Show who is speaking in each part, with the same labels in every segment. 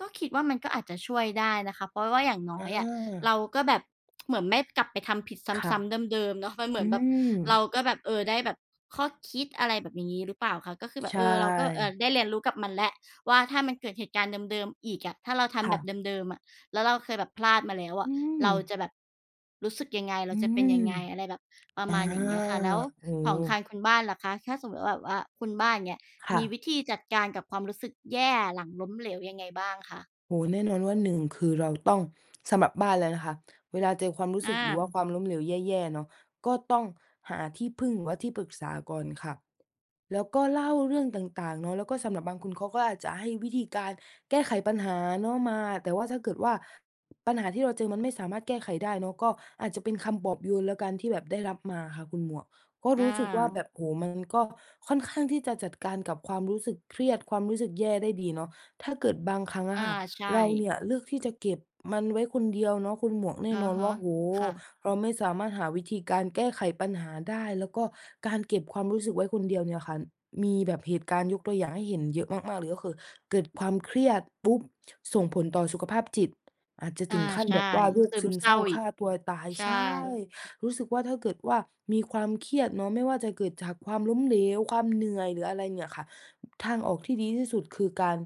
Speaker 1: ก็คิดว่ามันก็อาจจะช่วยได้นะคะ เพราะว่าอย่างน
Speaker 2: อ
Speaker 1: ้อยอะ เ
Speaker 2: า
Speaker 1: ราก็แบบ เหมือนไม่กลับไปทำผิด
Speaker 2: ค่
Speaker 1: ซ
Speaker 2: ะ
Speaker 1: ้ำ ๆ เดิม ๆ เนาะ มันเหม
Speaker 2: อ
Speaker 1: ื
Speaker 2: ื
Speaker 1: อนแบบ
Speaker 2: ม
Speaker 1: เราก็แบบ เอ่อ ได้แบบข้อคิดอะไรแบบนี้ หรือเปล่าคะ ก็คือแบ
Speaker 2: ใช
Speaker 1: บเออ เราก็อาจ
Speaker 2: ่
Speaker 1: ได้เรียนรู้กับมันแล้วว่า ถ้ามันเกิดเหตุการณ์เดิม ๆ อีกอะ ถ้าเราท
Speaker 2: ค
Speaker 1: ำ
Speaker 2: ่
Speaker 1: แบบ
Speaker 2: ะ
Speaker 1: เดิม ๆ อะ แล้วเราเคยแบบพลาดมาแล้วอ
Speaker 2: อ
Speaker 1: ะ
Speaker 2: ื
Speaker 1: เรา
Speaker 2: ม
Speaker 1: จะแบบรู้สึกยังไง เ
Speaker 2: อ
Speaker 1: ร
Speaker 2: ื
Speaker 1: าจะเป
Speaker 2: ม
Speaker 1: ็นยังไง อะไรแบบประ
Speaker 2: อา
Speaker 1: มาณอย่างเงี้ยค่ะ แล้ว
Speaker 2: โอ้
Speaker 1: ข
Speaker 2: โ
Speaker 1: องท
Speaker 2: ฮ
Speaker 1: างคุณบ้านล่ะคะ ถ้าสมมุติว่าแบบว่าคุณบ้านเนี่ย
Speaker 2: ค่
Speaker 1: มี
Speaker 2: ะ
Speaker 1: วิธีจัดการกับความรู้สึกแย่ หลังล้มเหลวยังไงบ้างคะ?
Speaker 2: โอ้โฮ! แน่นอนว่า 1 คือเราต้อง สำหรับบ้านแล้วนะคะ เวลาเจอความรู้
Speaker 1: อ
Speaker 2: สึก หรือว่า
Speaker 1: า
Speaker 2: ความล้มเหลวแย่ ๆ เนาะ ก็ต้องหาที่พึ่ง หรือว่าที่ปรึกษาก่อนค่ะ แล้วก็เล่าเรื่องต่าง ๆ เนาะ แล้วก็สำหรับบางคน เขาก็อาจจะให้วิธีการแก้ไขปัญหาเนาะมา แต่ว่าถ้าเกิดว่าปัญหาที่เราเจอ มันไม่สามารถแก้ไขได้เนาะ ก็อาจจะเป็นคำปลอบโยนแล้วกัน ที่แบบได้รับมาค่ะคุณหมวก ก็
Speaker 1: อ
Speaker 2: รู้สึกว่าแบ
Speaker 1: า
Speaker 2: บ โอ้โฮ! มันก็ค่อนข้างที่จะจัดการกับความรู้สึกเครียด ความรู้สึกแย่ได้ดีเนาะ ถ้าเกิดบางครั้งอ
Speaker 1: อ
Speaker 2: ะ
Speaker 1: า
Speaker 2: ค่ะ
Speaker 1: ใช
Speaker 2: เรา
Speaker 1: ่
Speaker 2: เนี่ยเลือกที่จะเก็บมันไว้คนเดียวเนาะ คุณหมวกแน่
Speaker 1: อื
Speaker 2: น
Speaker 1: อ
Speaker 2: อน
Speaker 1: ฮ
Speaker 2: ว
Speaker 1: ึ
Speaker 2: ่า โอ้โ
Speaker 1: ค
Speaker 2: ฮ!
Speaker 1: ่ะ
Speaker 2: เราไม่สามารถหาวิธีการแก้ไขปัญหาได้ แล้วก็การเก็บความรู้สึกไว้คนเดียวเนี่ยค่ะ มีแบบเหตุการณ์ยกตัวอย่างให้เห็นเยอะมาก ๆ เลยก็คือ เกิดความเครียดปุ๊บ ส่งผลต่อสุขภาพจิต อาจจะ
Speaker 1: อ
Speaker 2: ถ
Speaker 1: า
Speaker 2: ึงขั้น
Speaker 1: ใช
Speaker 2: แ
Speaker 1: ่
Speaker 2: บบว่า โร
Speaker 1: ซ
Speaker 2: ค
Speaker 1: ึ
Speaker 2: ซ
Speaker 1: ม
Speaker 2: ึม
Speaker 1: เศ
Speaker 2: เ
Speaker 1: ร
Speaker 2: ศ
Speaker 1: ้
Speaker 2: ร้
Speaker 1: า
Speaker 2: า
Speaker 1: อ
Speaker 2: ฆ
Speaker 1: ีก
Speaker 2: ่าตัวตาย
Speaker 1: ใช่
Speaker 2: ใช่ รู้สึกว่า ถ้าเกิดว่า มีความเครียดเนาะ ไม่ว่าจะเกิดจากความล้มเหลว ความเหนื่อย หรืออะไรเนี่ยค่ะ ทางออกที่ดีที่สุด คือการ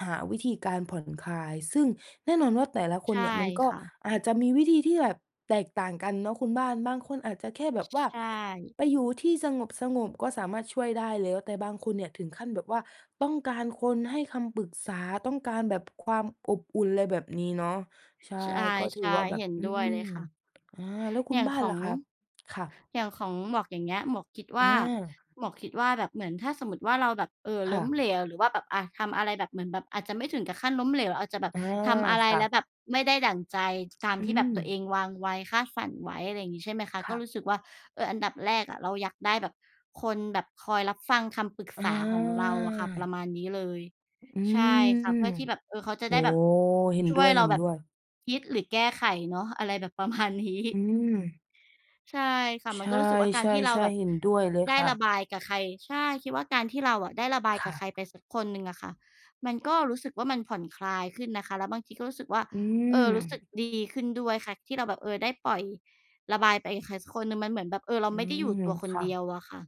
Speaker 2: หาวิธีการผ่อนคลาย ซึ่งแน่นอนว่า แต่ละค
Speaker 1: ใช
Speaker 2: น
Speaker 1: ่
Speaker 2: เนี่ย มันก็
Speaker 1: ค่ะ
Speaker 2: อาจจะมีวิธีที่แบบแตกต่างกันเนาะคุณบ้าน บางคนอาจจะแค่แบบว่า
Speaker 1: ใช่
Speaker 2: ไปอยู่ที่สงบ ๆ ก็สามารถช่วยได้แล้ว แต่บางคนเนี่ย ถึงขั้นแบบว่า ต้องการคนให้คำปรึกษา ต้องการแบบความอบอุ่น อะไรแบบนี้เนาะ ใช่
Speaker 1: ใช
Speaker 2: ก็ถือ
Speaker 1: ่
Speaker 2: ว่าแบ
Speaker 1: ๆ เห
Speaker 2: บ
Speaker 1: ็น
Speaker 2: อื
Speaker 1: ด้วยเล
Speaker 2: ม
Speaker 1: ยค่ะ
Speaker 2: อา แล้วคุ
Speaker 1: อย่
Speaker 2: ณ
Speaker 1: าง
Speaker 2: บ้า
Speaker 1: ข
Speaker 2: น
Speaker 1: อ
Speaker 2: ล่
Speaker 1: ง
Speaker 2: ะคะ ค่ะ?
Speaker 1: อย่างของหมวกอย่างเงี้ย หมวกคิดว
Speaker 2: อ
Speaker 1: ่า
Speaker 2: า
Speaker 1: หมวกคิดว่า แบบเหมือนถ้าสมมุติว่า เราแบบ เอ่อ
Speaker 2: ค
Speaker 1: ล
Speaker 2: ่
Speaker 1: ้
Speaker 2: ะ
Speaker 1: มเหลวหรือว่าแบบ อ่ะ ทำอะไรแบบเหมือนแบบอาจจะ ไม่ถึงกับขั้นล้มเหลว อาจจะแบบ
Speaker 2: อา
Speaker 1: ทำอะไร
Speaker 2: ค่
Speaker 1: แล้ว
Speaker 2: ะ
Speaker 1: แบบไม่ได้ดั่งใจ ตาม
Speaker 2: อื
Speaker 1: ที่แบบตัวเอ
Speaker 2: ม
Speaker 1: งวางไว้ คาดฝันไว้อะไรอย่างงี้ ใช่ไหมคะ
Speaker 2: ค
Speaker 1: ก็
Speaker 2: ่ะ
Speaker 1: รู้สึกว่า เออ อันดับแรก อะ เราอยากได้แบบคนแบบคอยรับฟังคำปรึก
Speaker 2: อ
Speaker 1: ษาของเราอะค่ะ ปร
Speaker 2: า
Speaker 1: ะมาณนี้เลย
Speaker 2: อื
Speaker 1: ใช่ค่ะ เพื
Speaker 2: ม
Speaker 1: ่อที่แบบ เอ่อ เขาจะ
Speaker 2: โอ
Speaker 1: ไ
Speaker 2: ้!
Speaker 1: ด้แบบ
Speaker 2: เห็น
Speaker 1: ช่
Speaker 2: ด
Speaker 1: ว
Speaker 2: ้ว
Speaker 1: ย
Speaker 2: ย
Speaker 1: เร
Speaker 2: เ
Speaker 1: า
Speaker 2: ห็น
Speaker 1: แบ
Speaker 2: ด
Speaker 1: บ
Speaker 2: ้วย
Speaker 1: คิดหรือแก้ไขเนาะ อะไรแบบประมาณนี้
Speaker 2: อืม
Speaker 1: ใช่ค่ะ
Speaker 2: ใ
Speaker 1: มั
Speaker 2: ช
Speaker 1: น
Speaker 2: ่
Speaker 1: ก็รู้สึกว่า การที่เราแบ
Speaker 2: ๆ
Speaker 1: บ
Speaker 2: ๆ เห็นด้วยเลย
Speaker 1: ได้
Speaker 2: ค่
Speaker 1: ระ
Speaker 2: ะ
Speaker 1: บายกับใคร ใช่ คิดว่าการที่เราอะ ได้ระบาย
Speaker 2: ค
Speaker 1: กั
Speaker 2: ่
Speaker 1: บใค
Speaker 2: ะ
Speaker 1: รไปสักคนหนึ่งอะค่ะ มันก็รู้สึกว่ามันผ่อนคลายขึ้นนะคะ แล้วบางทีก็รู้สึกว่า
Speaker 2: อื
Speaker 1: เอ่อ รู้สึก
Speaker 2: ม
Speaker 1: ดีขึ้นด้วยค่ะ ที่เราแบบ เออ ได้ปล่อยระบายไปกับใครสักคนหนึ่ง มันเหมือนแบบ เออ เรา
Speaker 2: อื
Speaker 1: ไม่ได้อยู่
Speaker 2: ม
Speaker 1: ตัวค
Speaker 2: ค
Speaker 1: น
Speaker 2: ่
Speaker 1: เดี
Speaker 2: ะ
Speaker 1: ยวอะค่ะ